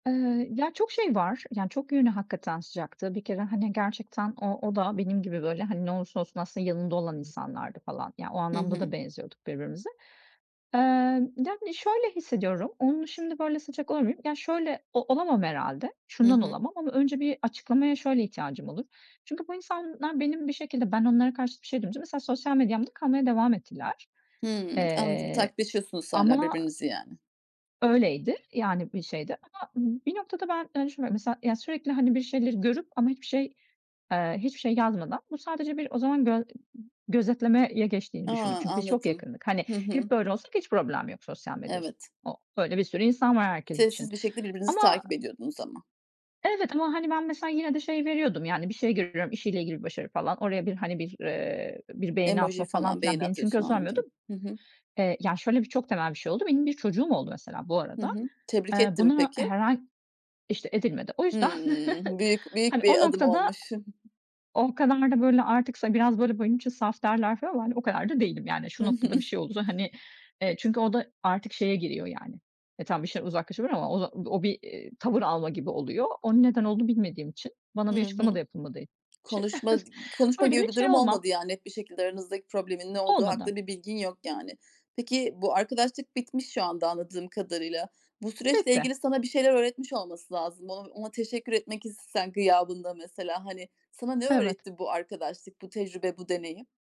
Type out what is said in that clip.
Eee, ya, çok şey var. Yani, çok yönü; hakikaten sıcaktı. Bir kere hani, gerçekten o o da benim gibi böyle hani, ne olursa olsun aslında yanında olan insanlardı falan. Yani, o Hı anlamda da hı. benziyorduk birbirimize. Eee, yani şöyle hissediyorum, onunla şimdi böyle sıcak olabilir miyim? Ya, şöyle o olamam herhâlde. Hı Şundan hı. olamam. Ama önce bir açıklamaya şöyle ihtiyacım olur. Çünkü bu insanlar benim bir şekilde ben onlara karşı bir şey duyunca; mesela sosyal medyamda kalmaya devam ettiler. Hımm. Anladım. Eee, Takipleşiyorsunuz hâlâ ama birbirinizi yani. Öyleydi yani, bir şeyde. Ama bir noktada ben hani, düşünmüyorum. Mesela, sürekli hani, bir şeyleri görüp ama hiçbir şey, eee, hiçbir şey yazmadan bu sadece bir o zaman gö gözetlemeye geçtiğini A, düşündüm. Çünkü biz çok anladım. yakındık. Hani, Hı hep hı. böyle olsak hiç problem yok sosyal medyas Evet. o öyle bir sürü insan var herkes için. Sessiz bir şekilde birbirinizi Ama takip ediyordunuz ama. Evet, ama hani, ben mesela yine de şey veriyordum yani, bir şey görüyorum işiyle ilgili; bir başarı falan oraya bir hani, bir, ııı, bir beğeni Emoji atma falan falan, filan; beğeni beni çünkü o atıyorsun sormuyordu. anladım. Hı hı. Eee, yani, şöyle bir çok temel bir şey oldu. Benim bir çocuğum oldu mesela bu Hı arada. hı. Tebrik Eee, etti mi bunu peki? herhâl İşte edilmedi. O yüzden Hımm, büyük hani, büyük o bir adım noktada olmuş. O kadar da böyle artık sa biraz böyle benim için saf derler falan ama hani, o kadar da değilim yani, Hı şu hı. noktada bir şey olursa hani, evet, çünkü o da artık şeye giriyor yani, e, tamam bir şeyden uzaklaşabilir ama o da o bir, eee, tavır alma gibi oluyor. Onun neden olduğunu bilmediğim için, Hı bana bir açıklama da hı. yapılmadığı için, Konuşma d konuşma öyle gibi bir bir şey durum olmam. olmadı. Ya, net bir şekilde aranızdaki problemin ne olduğu Olmadı. hakkında bir bilgin yok yani. Peki, bu arkadaşlık bitmiş şu anda anladığım kadarıyla. Bu süreçle Bitti. ilgili sana bir şeyler öğretmiş olması lazım. O ona teşekkür etmek istesen gıyabında mesela hani, sana ne Evet. öğretti bu arkadaşlık, bu tecrübe, bu deneyim?